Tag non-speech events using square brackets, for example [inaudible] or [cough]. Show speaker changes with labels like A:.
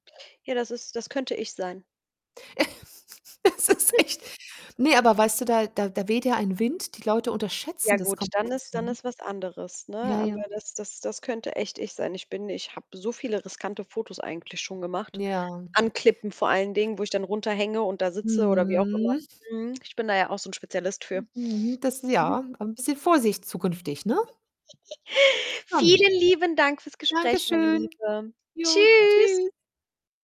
A: Ja, das ist das könnte ich sein.
B: [laughs] Es ist
A: [chuckles]
B: echt Ne, aber weißt du, da da da weht ja ein Wind, die Leute
A: Ja
B: unterschätzen das
A: gut, dann
B: komplett,
A: ist dann
B: ne?
A: ist was anderes, ne?
B: Ja, ja.
A: Aber das das das könnte echt ich sein. Ich bin ich habe so viele riskante Fotos eigentlich schon gemacht.
B: Ja.
A: An Klippen vor allen Dingen, wo ich dann runterhänge und da sitze oder wie auch immer.
B: Mhm.
A: Mhm. Ich bin da ja auch so 'n Spezialist für.
B: Mhm. Das
A: Mhm.
B: ja, ein bisschen Vorsicht zukünftig, ne?
A: [giggles]
B: Schon.
A: Vielen lieben Dank für's Gespräch, meine
B: Dankeschön.
A: Liebe.
B: Jo,
A: Tschüss.
B: tschüss.